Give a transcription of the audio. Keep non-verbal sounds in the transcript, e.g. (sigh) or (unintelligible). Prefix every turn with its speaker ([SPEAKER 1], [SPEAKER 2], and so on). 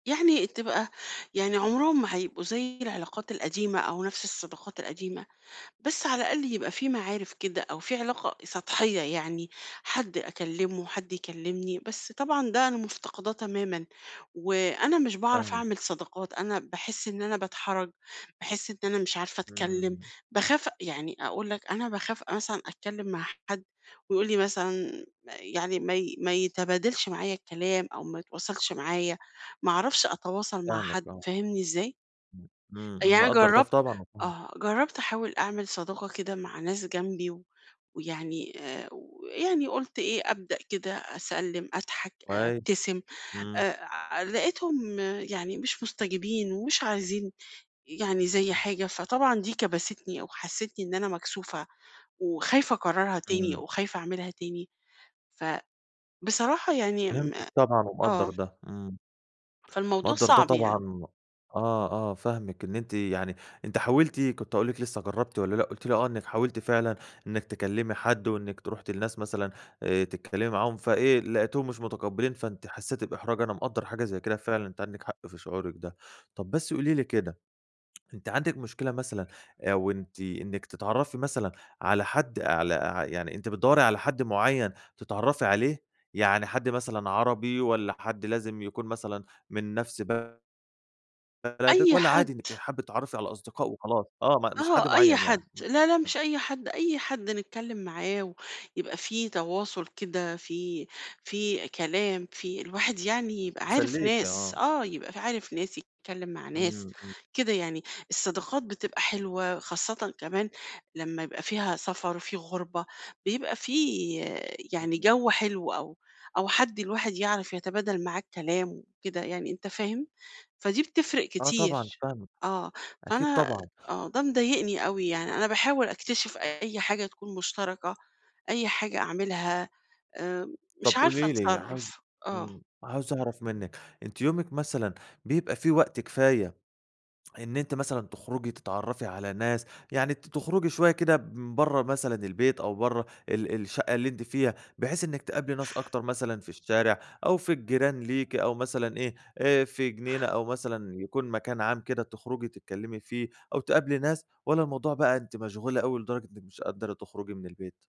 [SPEAKER 1] يعني تبقى يعني عمرهم ما هيبقوا زي العلاقات القديمة أو نفس الصداقات القديمة، بس على الأقل يبقى في معارف كده أو في علاقة سطحية يعني، حد أكلمه، حد يكلمني، بس طبعًا ده أنا مفتقداه تمامًا وأنا مش باعرف
[SPEAKER 2] فاهمِك.
[SPEAKER 1] أعمل صداقات، أنا باحس إن أنا باتحرج، باحس إن أنا مش عارفة أتكلم،
[SPEAKER 2] إمم.
[SPEAKER 1] باخاف أ يعني أقول لك أنا باخاف أ مثلًا أتكلم مع حد ويقول لي مثلًا يعني ما ي ما يتبادلش معايا الكلام أو ما يتواصلش معايا. ما أعرفش أتواصل مع
[SPEAKER 2] فاهمِك
[SPEAKER 1] حد،
[SPEAKER 2] آه.
[SPEAKER 1] فاهمني إزاي؟
[SPEAKER 2] امم، امم،
[SPEAKER 1] أ يعني
[SPEAKER 2] امم
[SPEAKER 1] أنا
[SPEAKER 2] مقدّر ده ف
[SPEAKER 1] جرّبت
[SPEAKER 2] طبعًا وفاهمه.
[SPEAKER 1] آه، جرّبت أحاول أعمل صداقة كده مع ناس جنبي و ويعني آآ، ويعني قُلت إيه، أبدأ كده أسَلّم، أضحك، أ
[SPEAKER 2] كويس،
[SPEAKER 1] ابتسم.
[SPEAKER 2] إمم.
[SPEAKER 1] آآ، ع لقيتهم يعني مش مستجبين ومش عايزين يعني زي
[SPEAKER 2] ام
[SPEAKER 1] حاجة، فطبعًا دي كبستني أو حسِّسِتني إن أنا مكسوفة وخايفة أكررها تاني
[SPEAKER 2] إمم.
[SPEAKER 1] وخايفة أعملها تاني. فبصراحة يعني م
[SPEAKER 2] فهمتِك طبعًا ومقدّر
[SPEAKER 1] آه.
[SPEAKER 2] ده، إمم.
[SPEAKER 1] فالموضوع
[SPEAKER 2] مقدّر ده
[SPEAKER 1] صعب يعني.
[SPEAKER 2] طبعًا آه، آه، فاهمِك. إن أنتِ يعني أنتِ حاولتِ كُنت هاقول لك لسه جرّبتِ والا لأ، قُلتِ لي آه، إنِّك حاولتِ فعلًا إنِّك تكلّمي حد وإنِّك ت رُحتِ لناس مثلًا آآ، تتكلمي معاهم فإيه، لقيتيهم مش متقبلين فأنتِ حسيّتِ بإحراج. أنا مقدّر حاجة زي كده فعلًا، أنتِ عندِك حق في شعورِك ده. طب، بس قولي لي كده، أنِت عندِك مشكلة مثلًا آآ، أو أنتِ إنِّك تتعرفي مثلًا على حد على ع يعني أنتِ بتدَوّري على حد مُعين تتعرفي عليه؟ يعني حد مثلًا عربي والّا حد لازم يكون مثلًا من نفس ب بلدِك
[SPEAKER 1] أي
[SPEAKER 2] والّا
[SPEAKER 1] حد.
[SPEAKER 2] عادي إنِّك حابّة تتعرفي على أصدقاء وخلاص؟ آه، م مش حد
[SPEAKER 1] آه، أي
[SPEAKER 2] معين
[SPEAKER 1] حد.
[SPEAKER 2] يعني. امم،
[SPEAKER 1] لا لأ،
[SPEAKER 2] امم.
[SPEAKER 1] مش أي حد، أي حد نتكلم معاه ويبقى في تواصل كده، في في كلام، في الواحد يعني يبقى عارف
[SPEAKER 2] يسَلّيكي،
[SPEAKER 1] ناس.
[SPEAKER 2] آه.
[SPEAKER 1] آه، يبقى ف عارف ناس، يتكلم مع ناس،
[SPEAKER 2] امم، امم.
[SPEAKER 1] كده يعني. الصداقات بتبقى حلوة، خاصةً كمان لمّا يبقى فيها سفر، في غربة، بيبقى في يعني
[SPEAKER 2] (unintelligible)
[SPEAKER 1] جو حلو أو أو حد الواحد يعرف يتبادل معاه الكلام وكده يعني، أنت فاهم؟ فدي بتفرق
[SPEAKER 2] آه طبعًا،
[SPEAKER 1] كتير،
[SPEAKER 2] فاهمِك،
[SPEAKER 1] آه.
[SPEAKER 2] أكيد
[SPEAKER 1] فأنا
[SPEAKER 2] طبعًا.
[SPEAKER 1] آه، ده مضايقني أوي
[SPEAKER 2] أ
[SPEAKER 1] يعني، أنا باحاول أكتشف أي حاجة تكون مشتركة، أي حاجة أعملها، آآ،
[SPEAKER 2] طب،
[SPEAKER 1] مش عارفة
[SPEAKER 2] قولي لي عاو
[SPEAKER 1] أتصرف، آه.
[SPEAKER 2] امم، عاوز أعرف منِّك، أنتِ يومِك مثلًا بيبقى في وقت كفاية، إن أنتِ مثلًا تخرجي تتعرفي على ناس؟ يعني ت تخرجي شوية كده من برّه مثلًا البيت أو برّه ال الشقة اللي أنتِ فيها، بحيث إنِّك تقابلي ناس أكتر مثلًا في الشارع أو في الجيران ليكِ أو مثلًا إيه، آآ، في جنينة أو مثلًا يكون مكان عام كده تُخرجي تتكلمي فيه أو تقابلي ناس، والّا الموضوع بقى أنتِ مشغولة أوي لدرجة إنك مش قادرة تخرجي من البيت؟